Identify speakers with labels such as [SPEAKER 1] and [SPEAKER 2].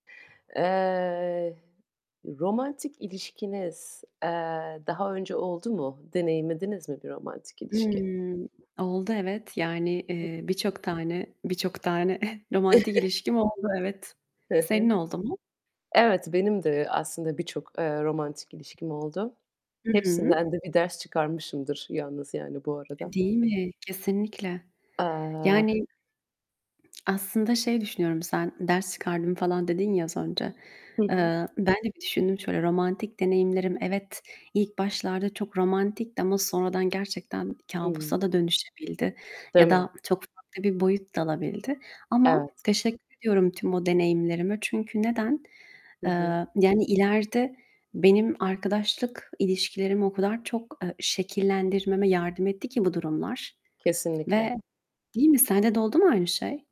[SPEAKER 1] Eee, romantik ilişkiniz, eee, daha önce oldu mu? Deneyimlediniz mi bir romantik ilişki?
[SPEAKER 2] Imm, oldu evet, yani, eee birçok tane birçok tane romantik ilişkim oldu evet.
[SPEAKER 1] Hı hı.
[SPEAKER 2] Senin oldu mu?
[SPEAKER 1] Evet, benim de aslında birçok, eee, romantik ilişkim oldu.
[SPEAKER 2] Hı hı.
[SPEAKER 1] Hepsinden de bir ders çıkarmışımdır yalnız, yani, bu
[SPEAKER 2] E,
[SPEAKER 1] arada.
[SPEAKER 2] değil mi? Kesinlikle.
[SPEAKER 1] Eee
[SPEAKER 2] Yani, aslında şey düşünüyorum sen, ders çıkardım falan dedin ya az önce.
[SPEAKER 1] Hı hı.
[SPEAKER 2] Eee, ben de bir düşündüm şöyle, romantik deneyimlerim evet ilk başlarda çok romantikti ama sonradan gerçekten
[SPEAKER 1] Hı.
[SPEAKER 2] kabusa da dönüşebildi
[SPEAKER 1] Değil
[SPEAKER 2] ya
[SPEAKER 1] mi?
[SPEAKER 2] da çok farklı bir boyut dalabildi ama
[SPEAKER 1] Evet.
[SPEAKER 2] teşekkür ediyorum tüm o deneyimlerime. Çünkü neden?
[SPEAKER 1] Hı
[SPEAKER 2] Eee,
[SPEAKER 1] hı.
[SPEAKER 2] yani ileride benim arkadaşlık ilişkilerimi o kadar çok, eee, şekillendirmeme yardım etti ki bu durumlar
[SPEAKER 1] Kesinlikle.
[SPEAKER 2] ve değil mi, sende de oldu mu aynı şey?